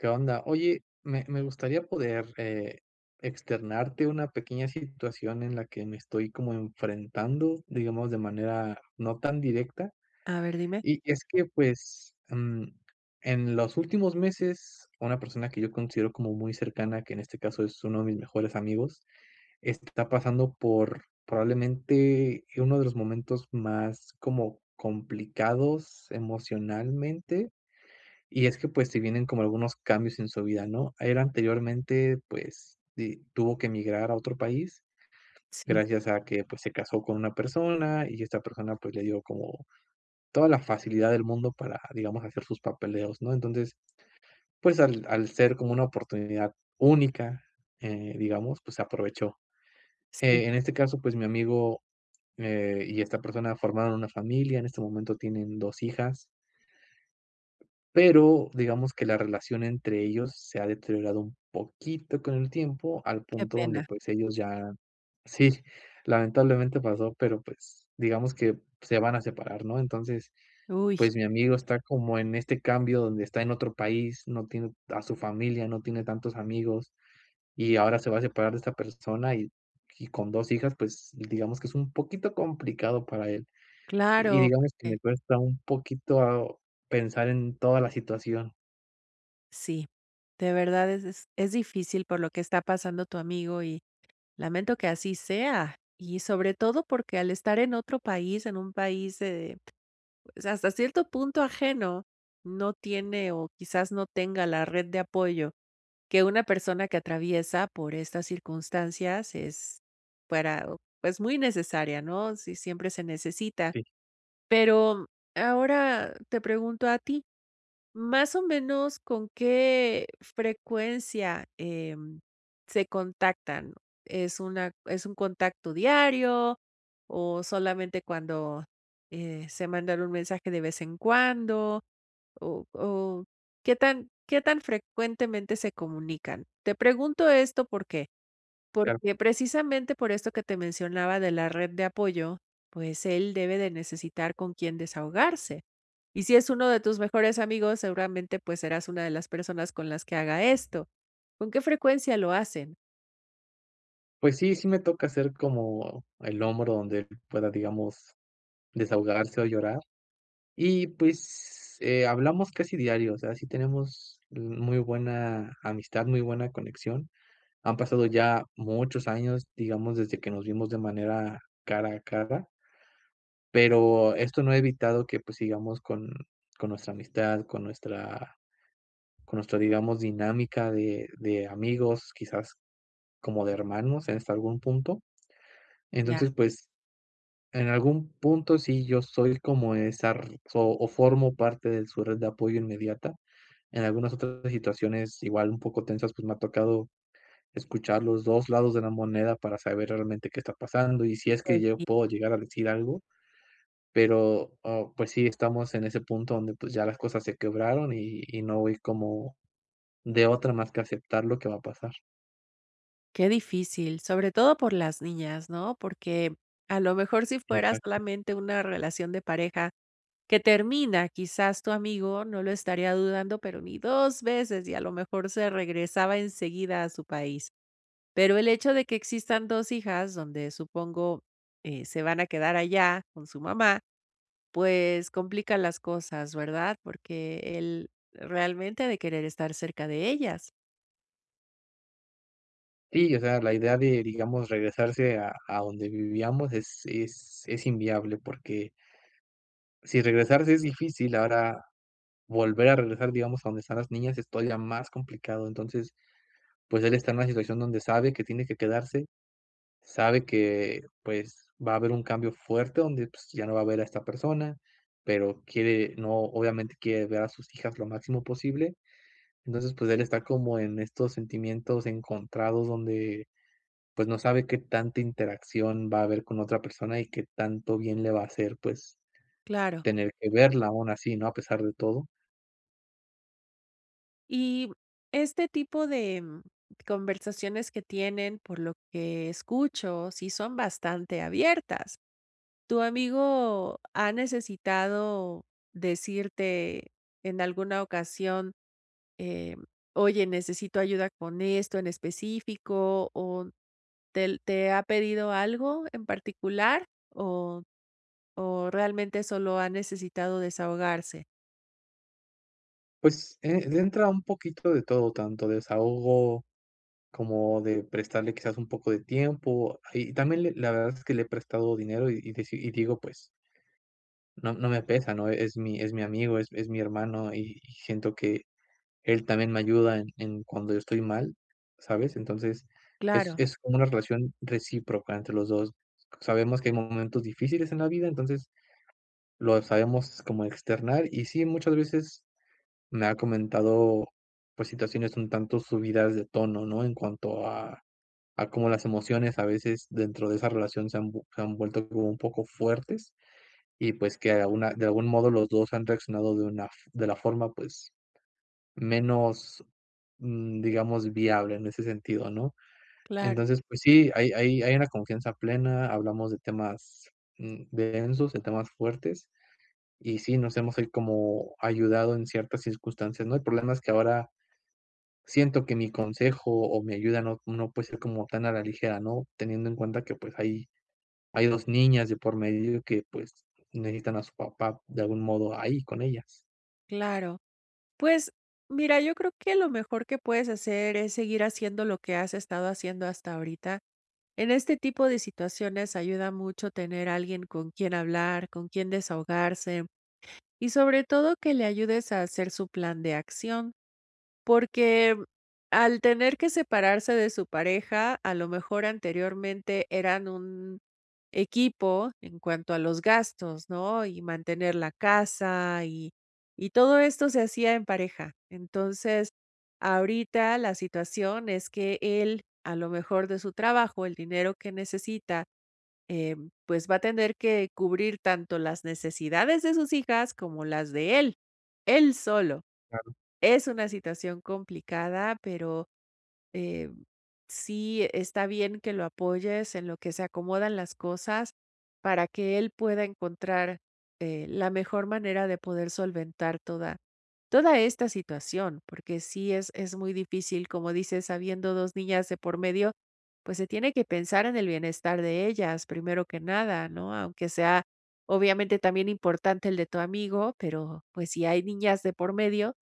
¿Qué onda? Oye, me me gustaría poder, eh, externarte una pequeña situación en la que me estoy como enfrentando, digamos de manera no tan directa. A ver, dime. Y y es que, pues, mm, en los últimos meses, una persona que yo considero como muy cercana, que en este caso es uno de mis mejores amigos, está pasando por probablemente uno de los momentos más como complicados emocionalmente. Y es que, pues, se vienen como algunos cambios en su vida, ¿no? El anteriormente, pues, di tuvo que migrar a otro país. Sí. Gracias a que pues se casó con una persona y esta persona, pues, le dio como toda la facilidad del mundo para, digamos, hacer sus papeleos, ¿no? Entonces, pues, al al ser como una oportunidad única, eh, digamos, pues, aprovechó, Sí. eh, en este caso, pues, mi amigo, eh, y esta persona formaron una familia en este momento tienen dos hijas. Pero, digamos que la relación entre ellos se ha deteriorado un poquito con el tiempo al Qué punto donde pena. pues ellos ya sí, lamentablemente pasó, pero, pues, digamos que se van a separar, ¿no? Entonces, ¡Uy! pues, mi amigo está como en este cambio donde está en otro país, no tiene a su familia, no tiene tantos amigos y ahora se va a separar de esta persona y y con 2 hijas, pues, digamos que es un poquito complicado para él y Claro, digamos que me porque cuesta un poquito pensar en toda la situación. Sí, de verdad es e es difícil por lo que está pasando tu amigo y, lamento que así sea. Y sobre todo porque, al estar en otro país, en un país de hasta cierto punto ajeno, no tiene o quizás no tenga la red de apoyo que una persona que atraviesa por estas circunstancias es para pues, muy necesaria, ¿no? Sí, siempre se necesita. Sí. Pero, ahora te pregunto a ti, ¿más o menos con qué frecuencia, em, se contactan? ¿Es una es un contacto diario o solamente cuando, eh, se mandan un mensaje de vez en cuando? O o, ¿qué tan qué tan frecuentemente se comunican? Te pregunto esto, ¿por qué? Claro. Porque precisamente por eso que te mencionaba de la red de apoyo, pues, él debe de necesitar con quién desahogarse. Y si es uno de tus mejores amigos, seguramente, pues, serás una de las personas con las que haga esto. ¿Con qué frecuencia lo hacen? Pues, sí, sí, me toca hacer como el hombro donde él pueda, digamos, desahogarse o llorar. Y, pues, eh, hablamos casi diario, o sea, sí tenemos l muy buena amistad, muy buena conexión. Han pasado ya muchos años, digamos, desde que nos vimos de manera cara a cara. Pero esto no ha evitado que, pues, sigamos con con nuestra amistad, con nuestra con nuestra, digamos, dinámica de de amigos, quizás como de hermanos en hasta algún punto. Mm, ya. Entonces, pues, en algún punto, sí, yo soy como esa r fo formo parte de su red de apoyo inmediata. En algunas otras situaciones igual un poco tensas, pues, me ha tocado escuchar los 2 lados de la moneda para saber realmente qué está pasando, y si es Pues, que yo sí. puedo llegar a decir algo. Pero, oh, pues, sí, estamos en ese punto donde, pues, ya las cosas se quebraron y y no voy como de otra más que aceptar lo que va a pasar. Qué difícil, sobre todo por las niñas, ¿no?, porque, a lo mejor, si fuera Exacto. solamente una relación de pareja que termina, quizás, tu amigo no lo estaría dudando, pero ni 2 veces y, a lo mejor, se regresaba en seguida a su país. Pero el hecho de que existan 2 hijas donde supongo, eh, se van a quedar allá con su mamá, pues, complica las cosas, ¿verdad?, porque él, realmente, ha de querer estar cerca de ellas. Sí, o sea, la idea de, digamos, regresarse a a donde vivíamos es es es inviable porque si regresarse es difícil ahora, volver a regresar, digamos, a donde están las niñas es todavía más complicado. Entonces, pues, él está en una situación donde sabe que tiene que quedarse, sabe que, pues, va a haber un cambio fuerte donde, pues, ya no va a ver a esta persona, pero quiere, ¿no? Obviamente quiere ver a sus hijas lo máximo posible. Entonces, pues, él está como en estos sentimientos encontrados donde, pues ,no sabe qué tanta interacción va a haber con la otra persona y que tanto bien le va a hacer, pues, Claro. tener que verla aun así, ¿no?, a pesar de todo. Y, este tipo de, em, conversaciones que tienen por lo que escucho, sí son bastante abiertas. Tu amigo ha necesitado decirte en alguna ocasión, eh: "Oye, necesito ayuda con esto en específico", o, ¿tel te ha pedido algo en particular?, o o, ¿realmente solo ha necesitado desahogarse? Pues, eh, le entra un poquito de todo, tanto desahogo como de prestarle, quizás, un poco de tiempo y también le la verdad es que le he prestado dinero y y dici y digo, pues no no me pesa, ¿no? Es mi es mi amigo, es es mi hermano y y siento que él también me ayuda en en cuando yo estoy mal, ¿sabes? Entonces, es Claro. es como una relación recíproca entre los 2. Sabemos que hay momentos difíciles en la vida, entonces, lo sabemos como externar, y sí, muchas veces me ha comentado, pues, situaciones un tanto subidas de tono, ¿no?, en cuanto a a cómo las emociones a veces dentro de esa relación se han vue han vuelto como un poco fuertes y, pues, que alguna de algún modo, los 2 han reaccionado de una f de la forma, pues, menos, mm, digamos, viable en ese sentido, ¿no? Claro. Entonces, pues, sí, hay hay hay una confianza plena, hablamos de temas, mm, densos, de temas fuertes. Y sí, nos hemos ahí como ayudado en ciertas circunstancias, ¿no? El problema es que ahora siento que mi consejo o mi ayuda no no puede ser como tan a la ligera, ¿no?, teniendo en cuenta que, pues, hay hay 2 niñas de por medio y que, pues, necesitan a su papá, de algún modo, ahí con ellas. Claro. Pues, mira yo creo que lo mejor que puedes hacer es seguir haciendo lo que has estado haciendo hasta ahorita. En este tipo de situaciones ayuda mucho tener alguien con quien hablar, con quien desahogarse y sobre todo, que le ayudes a hacer su plan de acción, porque, mm, al tener que separarse de su pareja, a lo mejor anteriormente eran un equipo en cuanto a los gastos, ¿no? Y mantener la casa y y todo esto se hacía en pareja. Entonces, ahorita la situación es que él a lo mejor de su trabajo, el dinero que necesita, eh, pues va a tener que cubrir tanto las necesidades de sus hijas como las de él, él solo. Claro. Es una situación complicada, pero, eh, sí, e está bien que lo apoyes en lo que se acomodan las cosas para que él pueda encontrar, eh, la mejor manera de poder solventar toda toda esta situación. Porque sí es es muy difícil, como dices, habiendo 2 niñas de por medio, pues, se tiene que pensar en el bienestar de ellas primero que nada, ¿no? Aunque sea, obviamente también importante el de tu amigo, pero, pues si hay niñas de por medio,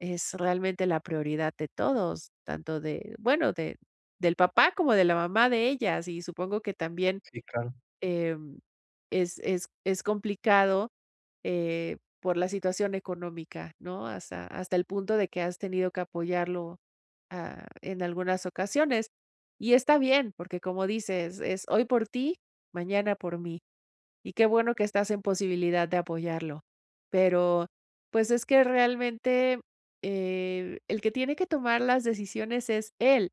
es realmente la prioridad de todos, tanto de bueno, de del papá como de la mamá de ellas, y supongo que también, Sí, claro. em, es es es complicado, eh, por la situación económica, ¿no? Hasta hasta el punto de que has tenido que apoyarlo, ah, en algunas ocasiones y está bien, porque como dices: "Es hoy por ti, mañana por mí". Y qué bueno que estás en posibilidad de apoyarlo. Pero, pues, es que realmente, eh, el que tiene que tomar las decisiones es él.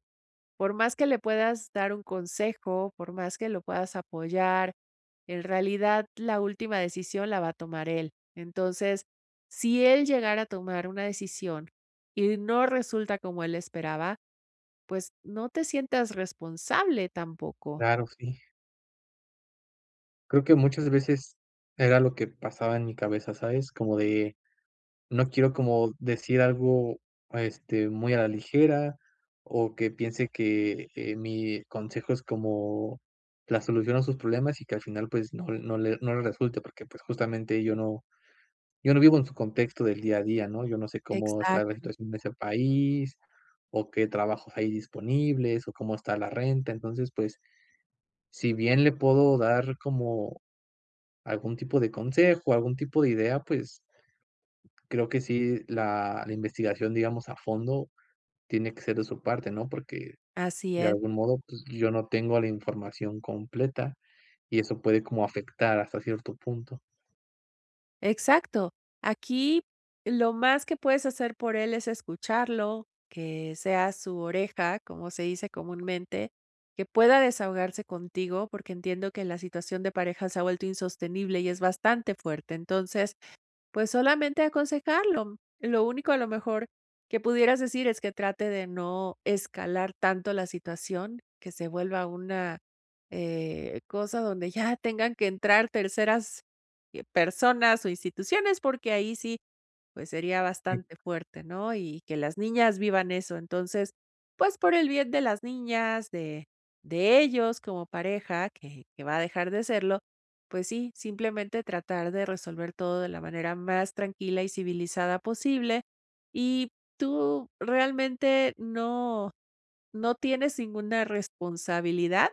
Por más que le puedas dar un consejo, por más que lo puedas apoyar. En realidad, la última decisión la va a tomar él. Entonces, si él llegara a tomar una decisión y no resulta como él esperaba, pues, no te sientas responsable tampoco. Claro, sí. Creo que muchas veces era lo que pasaba en mi cabeza, ¿sabes? Como de, no quiero como decir algo, eh, este, muy a la ligera o que piense que, eh, mi consejo es como la solución a sus problemas y que, al final, pues, no no le no le resulte, porque, pues, justamente, yo no yo no vivo en su contexto del día a día, ¿no? Yo no sé cómo está la Exacto. situación de ese país o qué trabajos hay disponibles o cómo está la renta. Entonces, pues, si bien le puedo dar como algún tipo de consejo, algún tipo de idea, pues, creo que sí, la la investigación, digamos a fondo, tiene que ser de su parte, ¿no? Porque Así de es. algún modo, pues, yo no tengo la información completa y eso puede como afectar hasta cierto punto. Exacto. Aquí lo más que puedes hacer por él, es escucharlo, que seas su oreja, como se dice comúnmente, que pueda desahogarse contigo, porque entiendo que la situación de pareja se ha vuelto insostenible y es bastante fuerte. Entonces, pues, solamente aconsejarlo. Lo único, a lo mejor, que pudieras decir es que trate de no escalar tanto la situación que se vuelva una, eh, cosa donde ya tengan que entrar terceras personas o instituciones, porque ahí sí, pues, sería Y bastante fuerte, ¿no?, y que las niñas vivan eso. Entonces, pues, por el bien de las niñas, de de ellos como pareja, que que va a dejar de serlo, pues, sí, simplemente, tratar de resolver todo de la manera más tranquila y civilizada posible. Y tú, realmente, no no tienes ninguna responsabilidad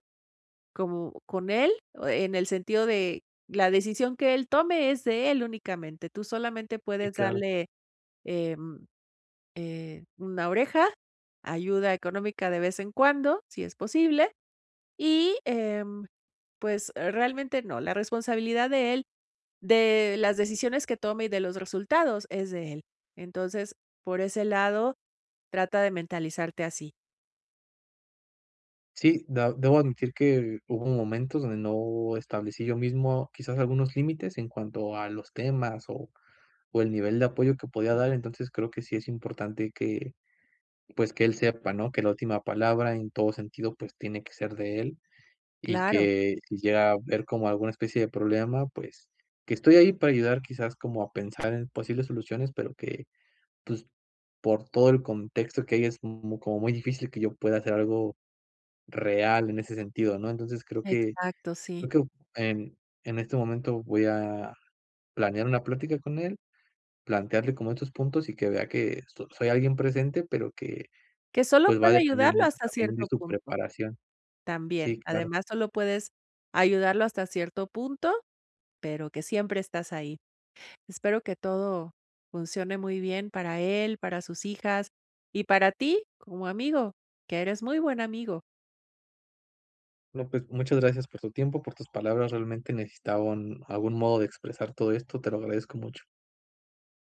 como con él, en el sentido de la decisión que él tome es de él únicamente, tú, solamente, Sí, puedes claro. darle, em, eh, una oreja, ayuda económica de vez en cuando, si es posible. Y, em, pues, realmente, no, la responsabilidad de él, de las decisiones que tome y de los resultados, es de él. Entonces, por ese lado, trata de mentalizarte así. Sí. Dab debo admitir que, hubo momentos, donde no establecí, yo mismo, quizás algunos límites, en cuanto a los temas, o o el nivel de apoyo, que podía dar. Entonces, creo que, sí es importante que, pues que él sepa, ¿no? Que la última palabra, en todo sentido, pues tiene que ser de él. Y Claro. que, si llega a haber, como alguna especie de problema, pues, que estoy ahí para ayudar. Quizás, como a pensar en posibles soluciones, pero que, pues, por todo el contexto que hay, es m como muy difícil, que yo pueda, hacer algo real, en ese sentido, ¿no? Entonces, creo que Exacto, sí. yo creo Em, en este momento, voy a planear, una plática con él. Plantearle, como estos puntos, y que vea, que so soy alguien presente, pero que, Que sólo pues, va a puede depender ayudarlo, mucho, hasta también de cierto su punto. preparación. También. Sí, claro. Además, sólo puedes, ayudarlo hasta cierto punto. Pero que siempre estás ahí. Espero que todo, funcione muy bien para él, para sus hijas, y para ti, como amigo. Que eres muy buen amigo. No, pues, muchas gracias por tu tiempo, por tus palabras. Realmente necesitaba un Algún modo, de expresar, todo esto. Te lo agradezco mucho.